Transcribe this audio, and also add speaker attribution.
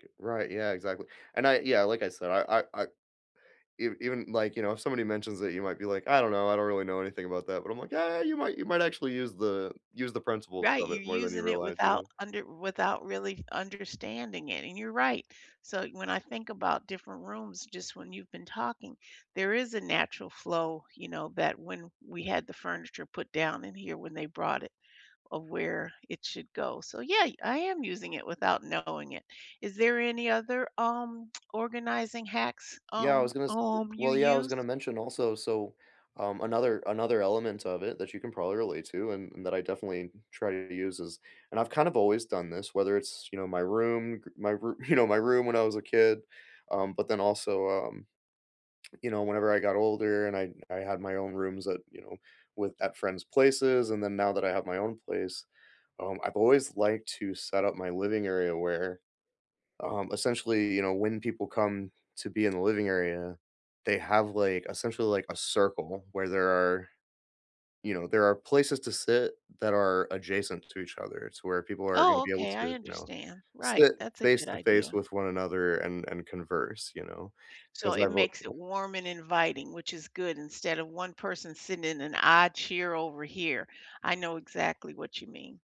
Speaker 1: G right. Yeah, exactly. And I yeah, like I said, I I I ev even, like, you know, somebody mentions that you might be like, "I don't know. I don't really know anything about that," but I'm like, "Yeah. You might you might actually use the use the principles
Speaker 2: Right.
Speaker 1: of
Speaker 2: You're
Speaker 1: it more than you
Speaker 2: using it
Speaker 1: realize," you
Speaker 2: without
Speaker 1: know?
Speaker 2: under without really understanding it, and you're right. So, when I think about different rooms, just when you've been talking, there is a natural flow, you know, that when we had the furniture put down in here when they brought it of where it should go. So, yay! I am using it without knowing it. Is there any other, um, organizing hacks,
Speaker 1: Yeah. I
Speaker 2: um,
Speaker 1: was gonna s
Speaker 2: um, you
Speaker 1: well, yeah, I was gonna
Speaker 2: use?
Speaker 1: mention also. So, um another another element of it that you can probably relate to and and that I definitely try to use is and I've kind of always done this, whether it's, you know, my room, k my roo you know, my room when I was a kid, um, but then also, um, you know, whenever I got older and I I had my own rooms at you know, with at friends' places, and then now that I have my own place, um, I've always liked to set up my living area where, um, essentially, you know, when people come to be in the living area, they have, like, essentially, like, a circle where there are, you know, there are places to sit that are adjacent to each other. It's where people are gonna
Speaker 2: Oh,
Speaker 1: be able
Speaker 2: okay.
Speaker 1: to,
Speaker 2: I
Speaker 1: you know,
Speaker 2: understand. Right.
Speaker 1: sit
Speaker 2: That's a good
Speaker 1: face-to-face
Speaker 2: idea.
Speaker 1: with one another and and converse, you know?
Speaker 2: So,
Speaker 1: 'Cause
Speaker 2: it
Speaker 1: I've o
Speaker 2: makes it
Speaker 1: [unintelligible]
Speaker 2: warm and inviting which is good instead of one person sitting in an odd cheer over here. I know exactly what you mean.